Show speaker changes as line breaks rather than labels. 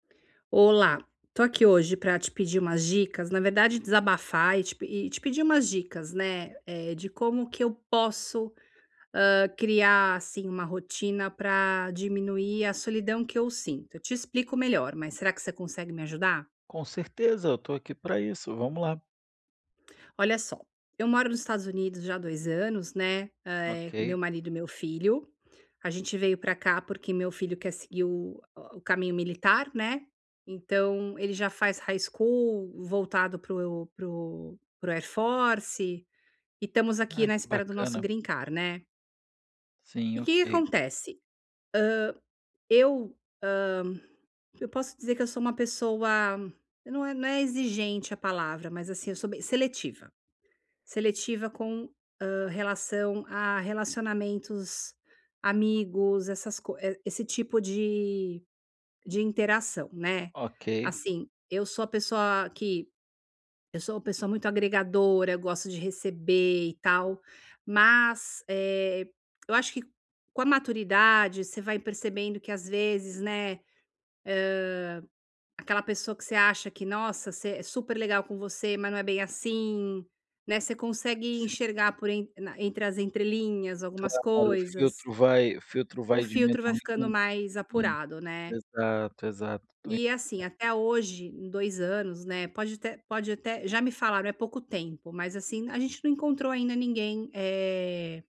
Olá, tô aqui hoje pra te pedir umas dicas, na verdade desabafar e te pe e te pedir umas dicas, né. Eh, de como que eu posso, hã, criar assim uma rotina pra diminuir a solidão que eu sinto. Eu te explico melhor, mas será que você consegue me ajudar?
Com certeza, eu tô aqui para isso, vamos lá.
Olha só, eu moro nos Estados Unidos já há 2 anos, né, eh, com meu
Ok.
marido e meu filho. A gente veio pra cá porque meu filho quer seguir o o caminho militar, né. Então ele já faz high-school voltado pro pro pro Air Force e estamos aqui
Ah,
na
que
espera do nosso
bacana.
green card, né.
Sim,
E o que que
ok.
acontece? Hã. Eu, hã, eu posso te dizer que eu sou uma pessoa, não é não é exigente a palavra, mas assim, eu sou bem seletiva. Seletiva com, hã, relação a relacionamentos, amigos, essas co esse tipo de de interação, né.
Ok.
Assim, eu sou a pessoa que, eu sou uma pessoa muito agregadora, gosto de receber e tal, mas, eh, eu acho que com a maturidade você vai percebendo que às vezes, né. Hã, aquela pessoa que você acha que nossa, você é super legal com você, mas não é bem assim, né, você consegue
Sim.
enxergar por entre entre as entrelinhas algumas
Claro, o
coisas.
filtro vai o filtro
O
vai
filtro vai ficando
diminuindo,
mais
hum,
apurado, né.
exato, exato, estou.
E assim,
[unintelligible]
até hoje, em 2 anos, né, pode até pode até, já me falaram é pouco tempo, mas assim a gente não encontrou ainda ninguém, eh